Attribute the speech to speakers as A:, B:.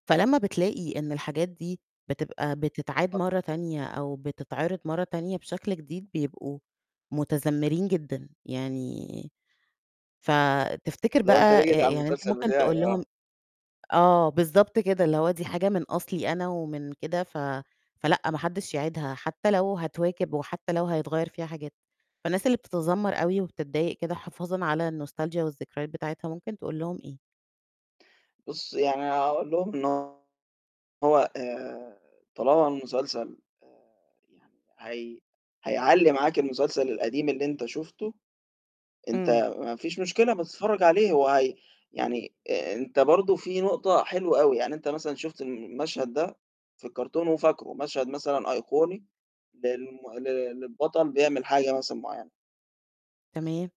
A: فلمّا بتلاقي إن الحاجات دي بتبقى بتتعاد
B: [unintelligible]
A: مَرّة تانية أو بتتعرِض مَرّة تانية بشكل جديد بيبقوا متذمرين جدًا، يعني، فتفتكر
B: اللي هو أنت ليه
A: بقى
B: جيت على
A: يعني أنت
B: المسلسل
A: ممكن
B: بتاعي،
A: تقول
B: آه.
A: لهم آه، بالضبط كده، اللي هو دي حاجة من أصلي أنا ومن كده ف فلأ ما حدش يعيدها حتى لو هتواكب وحتى لو هيتغيّر فيها حاجات، فالناس اللي بتتذمر أوي وبتضايق كده حفاظًا على الnostalgia والذكريات بتاعتها ممكن تقول لهم إيه؟
B: بُصّي يعني هاقول لهم إنه هو آآ طالما المسلسل، آآ يعني هي هيعلّي معاك المسلسل القديم اللي أنت شُفته، أنت
A: إمم.
B: ما فيش مشكلة بس اتفرج عليه هو هي يعني أنت برضو في نقطة حلوة أوي، يعني أنت مثلًا شُفت المشهد ده في الكرتون وفاكره، مشهد مثلًا أيقوني للم لل للبطل بيعمل حاجة مثلًا معيّنة.
A: تمام.